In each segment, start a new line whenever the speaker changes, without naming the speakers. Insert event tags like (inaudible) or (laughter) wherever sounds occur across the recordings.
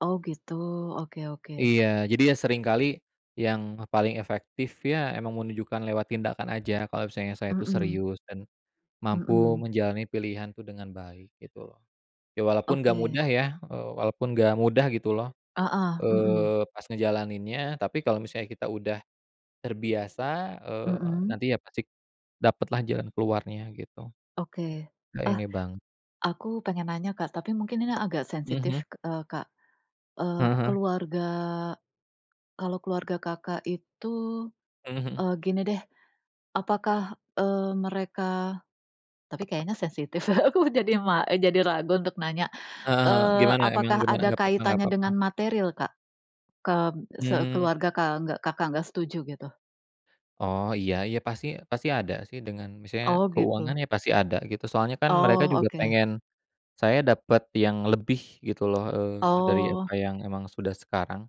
Oh gitu oke oke.
Iya jadi ya sering kali, yang paling efektif ya emang menunjukkan lewat tindakan aja kalau misalnya saya itu
Mhm.
serius dan mampu
Mhm.
menjalani pilihan tuh dengan baik gitu. Ya walaupun nggak
Oke.
mudah ya, eee, walaupun gak mudah gitu loh,
Heeh, mhm.
eee, pas ngejalaninnya tapi kalau misalnya kita udah, terbiasa, eee,
Mhm.
nanti ya pasti, dapetlah jalan keluarnya gitu.
Oke,
Nggak
ah,
ini bang
aku pengen nanya Kak, tapi mungkin ini agak sensitif,
Mhm.
eee, Kak. Eee,
Heeh heeh.
keluarga kalau keluarga Kakak itu
Mhm-mhm.
eee, gini deh, apakah, eee, mereka tapi kayaknya sensitif, (chuckles) aku jadi ma eee, jadi ragu untuk nanya,
Heeh heeh,
eee,
gimana emang?
apakah
Gimana?
ada
Gak papa gak
kaitannya dengan
papa.
materiil Kak, ke
Mmm.
sekeluarga kalau nggak Kakak nggak setuju gitu?
Oh iya iya pasti pasti ada sih dengan misalnya
Oh
keuangan
gitu.
ya, pasti ada gitu soalnya kan mereka
Oh
juga
oke.
pengen, saya dapet yang lebih gitu loh, eee, dari
Oh.
apa yang emang sudah sekarang.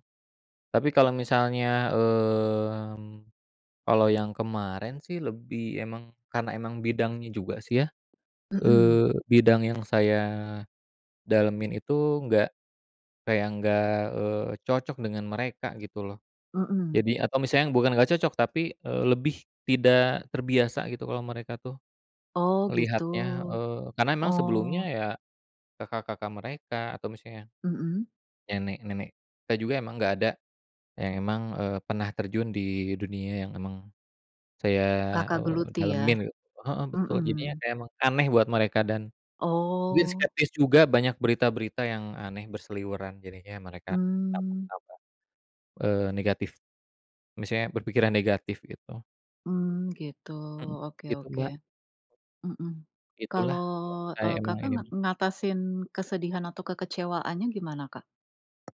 Tapi kalau misalnya, mmm, kalau yang kemarin sih lebih emang karena emang bidangnya juga sih ya,
Mhm.
eee, bidang yang saya, dalemin itu nggak kayak nggak, eee, cocok dengan mereka gitu loh.
Mhm.
Jadi atau misalnya bukan gak cocok, tapi, eee, lebih tidak terbiasa gitu kalau mereka tuh,
Oh gitu,
melihatnya, eee, karena memang sebelumnya
oh.
ya, kakak-kakak mereka atau misalnya,
Mhm.
nenek-nenek kita juga emang gak ada, yang emang, eee, pernah terjun di dunia yang emang, saya,
Kakak
eee,
geluti
dalemin
ya.
gitu, heeh, betul jadinya
Mhm.
kayak emang aneh buat mereka dan, mungkin
Oh.
skeptis juga banyak berita-berita yang aneh, berseliweran jadinya mereka
Mmm.
tambah-tambah, eee, negatif, misalnya berpikiran negatif gitu.
Mmm, gitu
Hmm,
oke
begitu,
oke,
Mbak.
mhm,
Itulah,
kalau,
(unintelligible)
eee,
saya emang
Kakak
ini
nga
mah.
ngatasin kesedihan atau kekecewaannya gimana Kak?